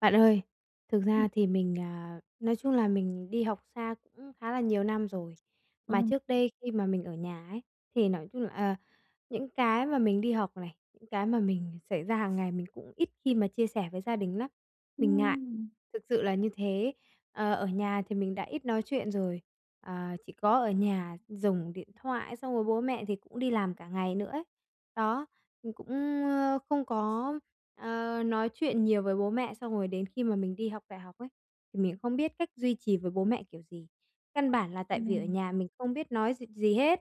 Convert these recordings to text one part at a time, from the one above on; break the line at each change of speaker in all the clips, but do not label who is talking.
Bạn ơi, thực
Ừm.
ra thì mình, à, nói chung là mình đi học xa cũng khá là nhiều năm rồi, mà
Ừ.
trước đây khi mà mình ở nhà ấy, thì nói chung, ờ, những cái mà mình đi học này, những cái mà mình xảy ra hàng ngày mình cũng ít khi mà chia sẻ với gia đình nắm, mình ngại,
Ừm.
thực sự là như thế. Ờ, ở nhà thì mình đã ít nói chuyện rồi, ờ, chỉ có ở nhà dùng điện thoại xong rồi bố mẹ thì cũng đi làm cả ngày nữa ấy. Đó, mình cũng, ờ, không có, ờ, nói chuyện nhiều với bố mẹ, xong rồi đến khi mà mình đi học đại học ấy, thì mình không biết cách duy trì với bố mẹ kiểu gì. Căn bản là tại vì ở
Ừ.
nhà mình không biết nói gì gì hết,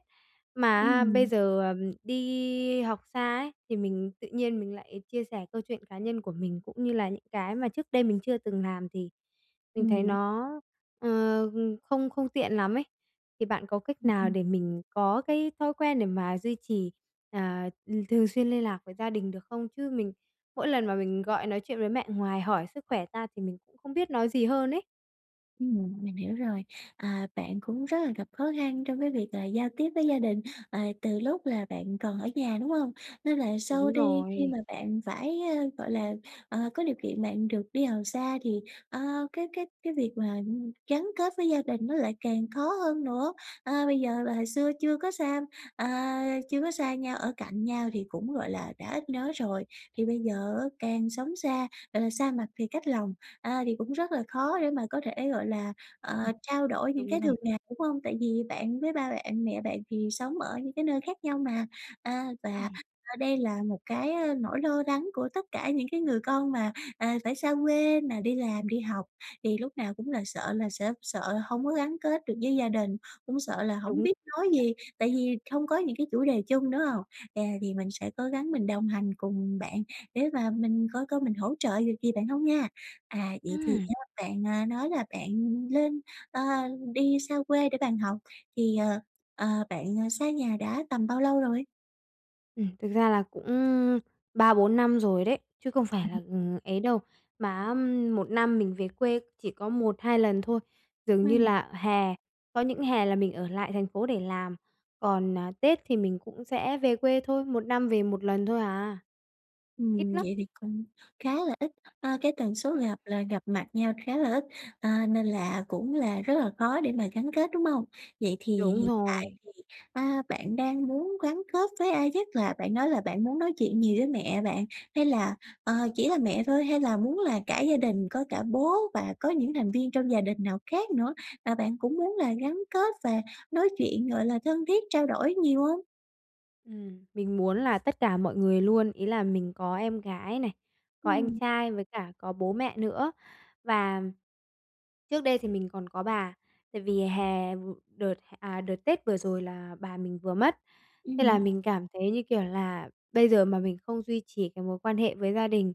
mà á, bây
Ừm.
giờ, à, đi học xa ấy, thì mình tự nhiên mình lại chia sẻ câu chuyện cá nhân của mình cũng như là những cái mà trước đây mình chưa từng làm thì mình thấy
[unintelligible]
nó, ờ, không không tiện lắm ấy. Thì bạn có cách
Ừm,
nào
ừm.
để mình có cái thói quen để mà duy trì, ờ, ừm, thường xuyên liên lạc với gia đình được không? Chứ mình mỗi lần mà mình gọi nói chuyện với mẹ ngoài hỏi sức khỏe ra thì mình cũng không biết nói gì hơn ấy.
Ừm, mình hiểu rồi. À, bạn cũng rất là gặp khó khăn trong cái việc là giao tiếp với gia đình, ờ, từ lúc là bạn còn ở nhà, đúng hông? Nên là sau
Đúng
đi khi
rồi.
mà bạn phải, à, gọi là, ờ, có điều kiện bạn được đi học xa thì, ờ, cái cái cái việc mà gắn kết với gia đình nó lại càng khó hơn nữa. À, bây giờ là hồi xưa chưa có xam à, chưa có xa nhau, ở cạnh nhau thì cũng, gọi là, đã ít nói rồi. Thì bây giờ á, càng sống xa, gọi là, xa mặt thì cách lòng, à, thì cũng rất là khó để mà có thể, gọi là,
Ừm.
ờ, trao đổi những
Đúng
cái
rồi.
thường ngày, đúng hông? Tại vì bạn với ba bạn, mẹ bạn thì sống ở những cái nơi khác nhau mà. À, và
Ừm.
đây là một cái, à, nỗi lo lắng của tất cả những cái người con mà, à, phải xa quê mà đi làm, đi học, thì lúc lúc nào cũng là sợ là sẽ sợ là hông có gắn kết được với gia đình, cũng sợ là hổng
Đúng.
biết nói
[unintelligible]
gì, tại vì không có những cái chủ đề chung, đúng hông? À, thì mình sẽ cố gắng mình đồng hành cùng bạn để mà mình coi coi mình hỗ trợ được gì bạn hông nha. À, vậy thì
Ừm.
á, bạn, à, nói là bạn lên ờ, đi xa quê để bạn học thì, ờ, ờ, bạn xa nhà đã tầm bao lâu rồi?
Ừm, thực ra là cũng 3, 4 năm rồi đấy, chứ không phải là, ừm, ấy đâu. Mà á, ừm, 1 năm mình về quê chỉ có 1, 2 lần thôi, dường như
Ừm.
là hè, có những hè là mình ở lại thành phố để làm. Còn, à, Tết thì mình cũng sẽ về quê thôi, 1 năm về 1 lần thôi à. Ít
Ừm,
lắm!
vậy thì cũng khá là ít. A, cái tần số
Ừm.
gặp là gặp mặt nhau khá là ít, à, nên là cũng là rất là khó để mà gắn kết, đúng hông? Vậy thì
Đúng
hiện tại
rồi.
thì, a, bạn đang muốn gắn kết với ai nhất? Là bạn nói là bạn muốn nói chuyện nhiều với mẹ bạn hay là, ờ, chỉ là mẹ thôi? Hay là muốn là cả gia đình, có cả bố và có những thành viên trong gia đình nào khác nữa, à, bạn cũng muốn là gắn kết và nói chuyện, gọi là thân thiết trao đổi nhiều hông?
Ừm, mình muốn là tất cả mọi người luôn. Ý là mình có em gái này, có anh
Ừm.
trai, với cả có bố mẹ nữa và trước đây thì mình còn có bà. Tại vì hè vửa đợt, à, đợt tết vừa rồi là bà mình vừa mất. Thế là
Ừm.
mình cảm thấy như kiểu là bây giờ mà mình không duy trì cái mối quan hệ với gia đình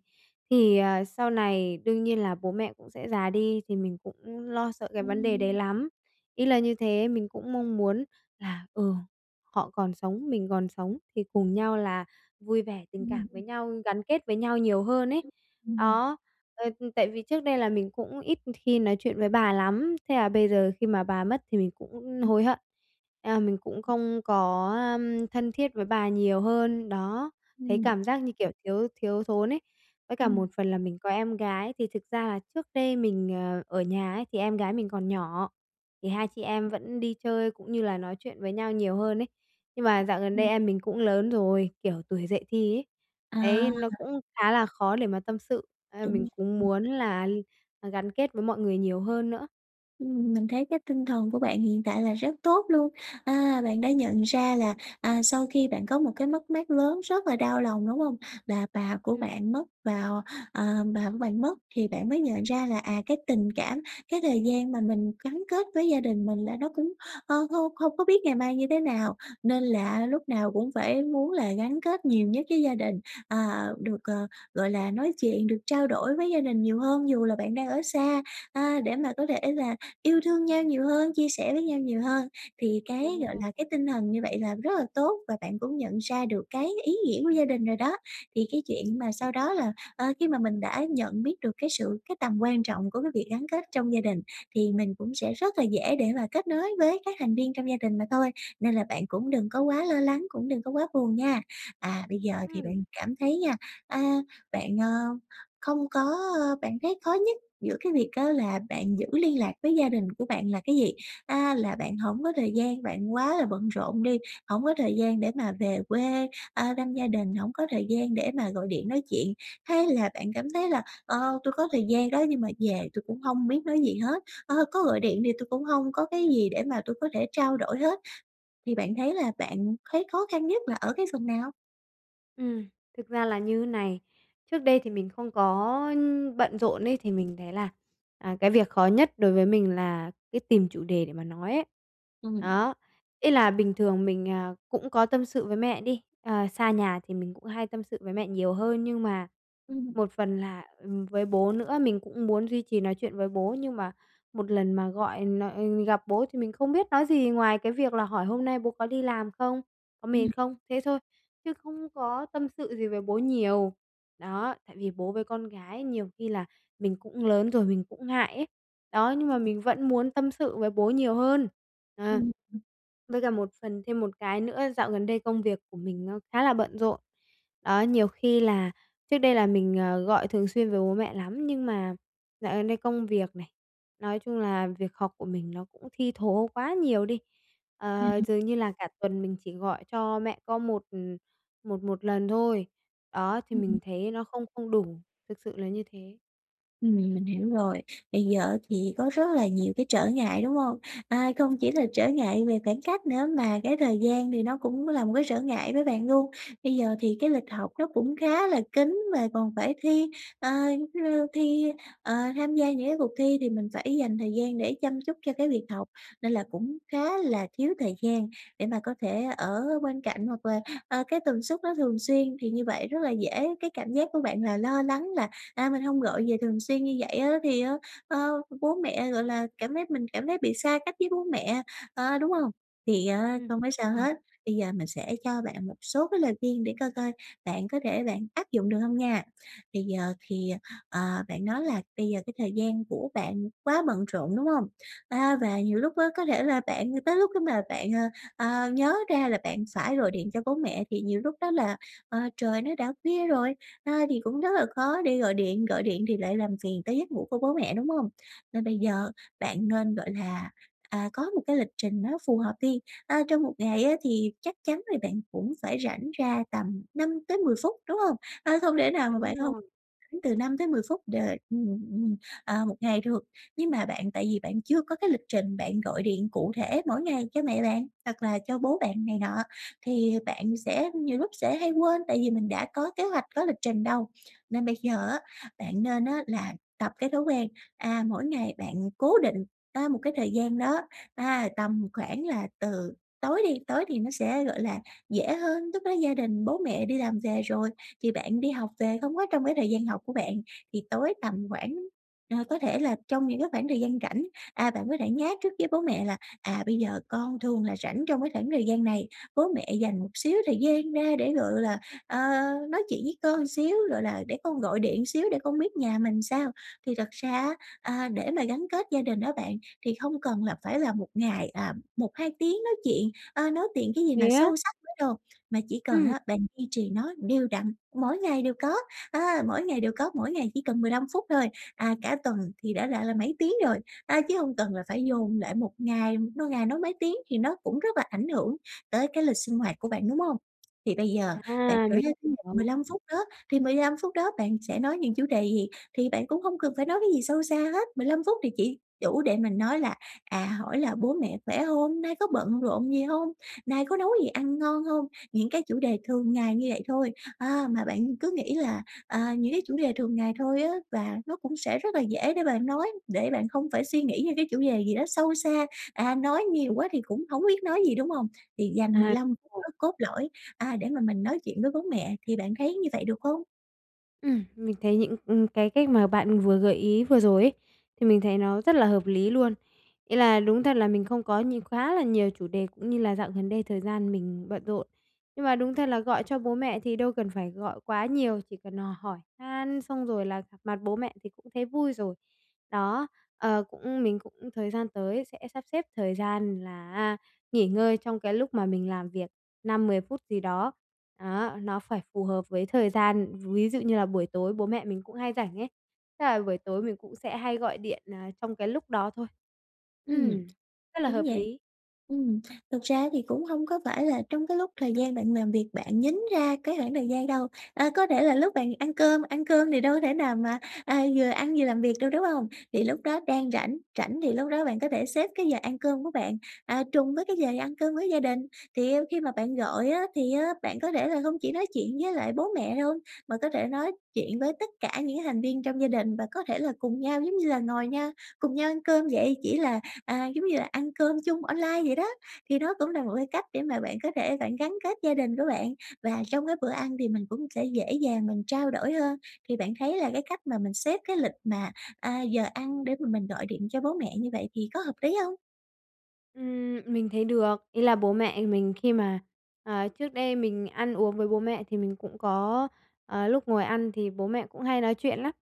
thì, ờ, sau này đương nhiên là bố mẹ cũng sẽ già đi thì mình cũng lo sợ cái vấn đề đấy
Ừm.
lắm. Ý là như thế, mình cũng mong muốn là, ừ, họ còn sống, mình còn sống thì cùng nhau là vui vẻ, tình
Ừm,
cảm với
ừm.
nhau, gắn kết với nhau nhiều hơn ấy.
Ừm.
Đó, ờ, tại vì trước đây là mình cũng ít khi nói chuyện với bà lắm. Thế là bây giờ khi mà bà mất thì mình cũng hối hận, mình cũng không có, a, thân thiết với bà nhiều hơn, đó, thấy
Ừm.
cảm giác như kiểu thiếu thiếu thốn ấy. Với cả một
Ừm.
phần là mình có em gái, thì thực ra là trước đây mình, ờ, ở nhà ấy thì em gái mình còn nhỏ, thì hai chị em vẫn đi chơi cũng như là nói chuyện với nhau nhiều hơn ấy. Nhưng mà dạo gần đây
Ừm.
em mình cũng lớn rồi, kiểu tuổi dậy thì ấy, đấy, nó
À.
cũng khá là khó để mà tâm sự ấy, mình
Đúng
cũng muốn
[unintelligible]
là gắn kết với mọi người nhiều hơn nữa.
Ừm, mình thấy cái tinh thần của bạn hiện tại là rất tốt luôn. À, bạn đã nhận ra là, à, sau khi bạn có một cái mất mát lớn rất là đau lòng, đúng không? Là bà của
Ừm.
bạn mất vào ờ, bà của bạn mất, thì bạn mới nhận ra là, à, cái tình cảm, cái thời gian mà mình gắn kết với gia đình mình là nó cũng, ờ, không không có biết ngày mai như thế nào, nên là lúc nào cũng phải muốn là gắn kết nhiều nhất với gia đình, ờ, được, ờ, gọi là, nói chuyện, được trao đổi với gia đình nhiều hơn dù là bạn đang ở xa, à, để mà có thể là yêu thương nhau nhiều hơn, chia sẻ với nhau nhiều hơn. Thì cái,
Đúng
gọi
rồi.
là, cái tinh thần như vậy là rất là tốt và bạn cũng nhận ra được cái ý nghĩa của gia đình rồi đó. Thì cái chuyện mà
Ừm.
sau đó là, ờ, khi mà mình đã nhận biết được cái sự cái tầm quan trọng của cái việc gắn kết trong gia đình, thì mình cũng sẽ rất là dễ để mà kết nối với các thành viên trong gia đình mà thôi. Nên là bạn cũng đừng có quá lo lắng, cũng đừng có quá buồn nha. À, bây giờ thì
Ừm.
bạn cảm thấy nha, à, bạn, ờ, không có ờ, bạn thấy khó nhất giữa cái việc á, là bạn giữ liên lạc với gia đình của bạn là cái gì? À, là bạn hổng có thời gian, bạn quá là bận rộn đi, hổng có thời gian để mà về quê, à, thăm gia đình, hổng có thời gian để mà gọi điện nói chuyện, hay là bạn cảm thấy là, ờ, tôi có thời gian đó nhưng mà về tui cũng không biết nói gì hết, à, có gọi điện thì tui cũng hông có cái gì để mà tui có thể trao đổi hết? Thì bạn thấy là bạn thấy khó khăn nhất là ở cái phần nào?
Ừm, thực ra là như này, trước đây thì mình không có bận rộn ấy thì mình thấy là, à, cái việc khó nhất đối với mình là cái tìm chủ đề để mà nói ấy.
Ừm.
Đó, ý là bình thường mình, à, cũng có tâm sự với mẹ đi, ờ, xa nhà thì mình cũng hay tâm sự với mẹ nhiều hơn, nhưng mà
Ừm.
một phần là ừm, với bố nữa, mình cũng muốn duy trì nói chuyện với bố, nhưng mà một lần mà gọi n gặp bố thì mình không biết nói gì ngoài cái việc là hỏi hôm nay bố có đi làm không, có mệt
Ừm.
không, thế thôi, chứ không có tâm sự gì với bố nhiều. Đó, tại vì bố với con gái nhiều khi là mình cũng lớn rồi, mình cũng ngại ấy. Đó, nhưng mà
Ừm.
mình vẫn muốn tâm sự với bố nhiều hơn, à.
Ừm, ừm.
Với cả một phần thêm một cái nữa, dạo gần đây công việc của mình nó khá là bận rộn. Đó, nhiều khi là trước đây là mình, à, gọi thường xuyên với bố mẹ lắm, nhưng mà dạo gần đây công việc này, nói chung là, việc học của mình nó cũng thi thố quá nhiều đi,
À,
ờ,
à.
dường như là cả tuần mình chỉ gọi cho mẹ có một một một lần thôi. Đó, thì
Ừm,
mình
ừm.
thấy nó không không đủ, thực sự là như thế.
Ừm, mình hiểu rồi. Bây giờ á, thì có rất là nhiều cái trở ngại, đúng hông? A, không chỉ là
Ừm.
trở ngại về khoảng cách nữa, mà cái thời gian thì nó cũng là một cái trở ngại với bạn luôn. Bây giờ thì cái lịch học nó cũng khá là kín, mà còn phải thi, ờ, giống như, thi ờ, tham gia những cái cuộc thi, thì mình phải dành thời gian để chăm chút cho cái việc học, nên là cũng khá là thiếu thời gian để mà có thể ở bên cạnh, hoặc là, ờ, cái tần suất nó thường xuyên, thì như vậy rất là dễ cái cảm giác của bạn là lo lắng là, à, "Mình hông gọi về thường xuyên như vậy á, thì á, ờ, bố mẹ, gọi là, cảm thấy mình cảm thấy bị xa cách với bố mẹ" ờ, đúng hông? Thì á,
Ừm,
không có sao
đúng rồi.
hết. Bây giờ mình sẽ cho bạn một số cái lời khuyên để coi coi bạn có thể bạn áp dụng được hông nha. Bây giờ thì, ờ, bạn nói là bây giờ cái thời gian của bạn quá bận rộn, đúng hông? A, và nhiều lúc á, có thể là bạn tới lúc mà bạn, ờ, à, nhớ ra là bạn phải gọi điện cho bố mẹ, thì nhiều lúc đó là, ờ, trời nó đã khuya rồi, ờ, thì cũng rất là khó để gọi điện, gọi điện thì lại làm phiền tới giấc ngủ của bố mẹ, đúng hông? Nên bây giờ bạn nên, gọi là, à, có một cái lịch trình nó phù hợp đi, a, trong 1 ngày á, thì chắc chắn là bạn cũng phải rảnh ra tầm 5-10 phút đúng hông? Ờ, không thể nào mà
Đúng
bạn không
rồi.
từ 5-10 phút được, ừm, ừm, à, 1 ngày được. Nhưng mà bạn tại vì bạn chưa có cái lịch trình bạn gọi điện cụ thể mỗi ngày cho mẹ bạn, hoặc là cho bố bạn này nọ, thì bạn sẽ nhiều lúc sẽ hay quên, tại vì mình đã có kế hoạch, có lịch trình đâu. Nên bây giờ á, bạn nên á, là tập cái thói quen, à mỗi ngày bạn cố định á, một cái thời gian đó ha, tầm khoảng là từ tối đi, tối thì nó sẽ, gọi là, dễ hơn, lúc đó gia đình, bố mẹ đi làm về rồi, thì bạn đi học về, không có trong cái thời gian học của bạn, thì tối tầm khoảng ờ, có thể là trong những cái khoảng thời gian rảnh. À, bạn có thể nhá trước với bố mẹ là, à: "Bây giờ con thường là rảnh trong cái khoảng thời gian này, bố mẹ dành một xíu thời gian ra để, gọi là, ờ, nói chuyện với con xíu, gọi là, để con gọi điện xíu để con biết nhà mình làm sao." Thì thật ra á, a, để mà gắn kết gia đình đó bạn, thì không cần là phải là 1 ngày, à, 1, 2 tiếng nói chuyện, a, nói tiện cái gì
Thế
mà
á?
sâu sắc với đồ, mà chỉ cần
Ừm.
á, bạn duy trì nó đều đặn, mỗi ngày đều có, à, mỗi ngày đều có, mỗi ngày chỉ cần 15 phút thôi, à, cả tuần thì đã là là mấy tiếng rồi. A, chứ hông cần là phải dồn lại 1 ngày, no ngày nói mấy tiếng thì nó cũng rất là ảnh hưởng tới cái lịch sinh hoạt của bạn, đúng hông? Thì bây giờ bạn
À.
kể
Mình
ra
hiểu.
15 phút đó, thì 15 phút đó bạn sẽ nói những chủ đề gì? Thì bạn cũng hông cần phải nói cái gì sâu xa hết, 15 phút thì chỉ đủ để mình nói là, à, hỏi là "Bố mẹ khỏe hông? Nay có bận rộn gì hông? Nay có nấu gì ăn ngon hông?" Những cái chủ đề thường ngày như vậy thôi, à, mà bạn cứ nghĩ là, à, những cái chủ đề thường ngày thôi á, và nó cũng sẽ rất là dễ để bạn nói, để bạn không phải suy nghĩ những cái chủ đề gì đó sâu xa, à, nói nhiều quá thì cũng hổng biết nói gì, đúng hông? Thì dành mười
À
lăm phút
[unintelligible]
cốt lõi, à, để mà mình nói chuyện với bố mẹ. Thì bạn thấy như vậy được hông?
Ừm, mình thấy những, ừm, cái cách mà bạn vừa gợi ý vừa rồi ấy, thì mình thấy nó rất là hợp lý luôn. Ý là đúng thật là mình không có nhiều quá là nhiều chủ đề cũng như là dạo gần đây thời gian mình bận rộn. Nhưng mà đúng thật là gọi cho bố mẹ thì đâu cần phải gọi quá nhiều, chỉ cần hỏi han xong rồi là gặp mặt bố mẹ thì cũng thấy vui rồi. Đó, ờ, cũng mình cũng thời gian tới sẽ sắp xếp thời gian là, a, nghỉ ngơi trong cái lúc mà mình làm việc, 5, 10 phút gì đó. Đó, nó phải phù hợp với thời gian, ví dụ như là buổi tối bố mẹ mình cũng hay rảnh ấy, chắc là buổi tối mình cũng sẽ hay gọi điện, ờ, trong cái lúc đó thôi.
Ừm,
Ừm, rất là
đúng
hợp
vậy.
lý.
Ừm, thực ra thì cũng hông có phải là trong cái lúc thời gian bạn làm việc bạn nhín ra cái khoảng thời gian đâu. A, có thể là lúc bạn ăn cơm, ăn cơm thì đâu có thể nào mà, à, vừa ăn vừa làm việc đâu, đúng hông? Thì lúc đó đang rảnh, rảnh thì lúc đó bạn có thể xếp cái giờ ăn cơm của bạn, à, trùng với cái giờ đi ăn cơm với gia đình. Thì, ư, khi mà bạn gọi á, thì á, bạn có thể là hông chỉ nói chuyện với lại bố mẹ đâu, mà có thể nói chuyện với tất cả những thành viên trong gia đình và có thể là cùng nhau giống như là ngồi nha, cùng nhau ăn cơm vậy, chỉ là, à, giống như là ăn cơm chung online vậy đó. Thì nó cũng là một cái cách để mà bạn có thể bạn gắn kết gia đình của bạn và trong cái bữa ăn thì mình cũng sẽ dễ dàng mình trao đổi hơn. Thì bạn thấy là cái cách mà mình xếp cái lịch mà, a, giờ ăn để mà mình gọi điện cho bố mẹ như vậy thì có hợp lý hông?
Ừm, mình thấy được. Ý là bố mẹ mình khi mà ờ, trước đây mình ăn uống với bố mẹ thì mình cũng có ờ, lúc ngồi ăn thì bố mẹ cũng hay nói chuyện lắm.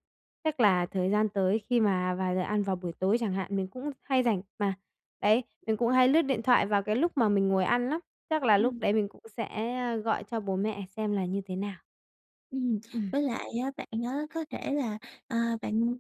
Chắc là thời gian tới khi mà vào giờ ăn vào buổi tối chẳng hạn, mình cũng hay rảnh mà, đấy, mình cũng hay lướt điện thoại vào cái lúc mà mình ngồi ăn lắm, chắc là lúc
Ừm.
đấy mình cũng sẽ, ờ, gọi cho bố mẹ xem là như thế nào.
Ừm,
Ừm.
với lại á bạn á có thể là, ờ, bạn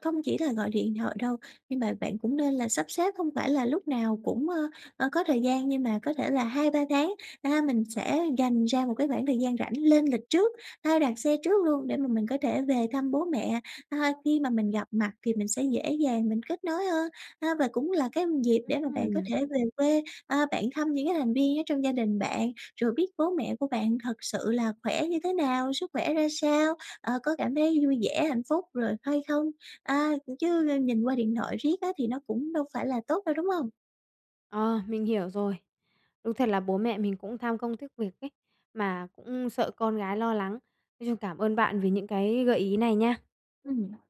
không chỉ là gọi điện thoại đâu, nhưng mà bạn cũng nên là sắp xếp, không phải là lúc nào cũng, ơ, ờ, có thời gian nhưng mà có thể là 2, 3 tháng, a, mình sẽ dành ra một cái khoảng thời gian rảnh, lên lịch trước, hay đặt xe trước luôn để mà mình có thể về thăm bố mẹ. Ơ, khi mà mình gặp mặt thì mình sẽ dễ dàng mình kết nối hơn. A, và cũng là cái dịp để mà bạn có
Ừm.
thể về quê, a, bạn thăm những cái thành viên ở trong gia đình bạn, rồi biết bố mẹ của bạn thật sự là khỏe như thế nào, sức khỏe ra sao, ờ, có cảm thấy vui vẻ, hạnh phúc rồi hay không? A, chứ, ờ, nhìn qua điện thoại riết á thì nó cũng đâu phải là tốt đâu, đúng hông?
Ờ, mình hiểu rồi. Đúng thật là bố mẹ mình cũng tham công tiếc việc ấy, mà cũng sợ con gái lo lắng. Nói chung cảm ơn bạn vì những cái gợi ý này nha.
Ừm.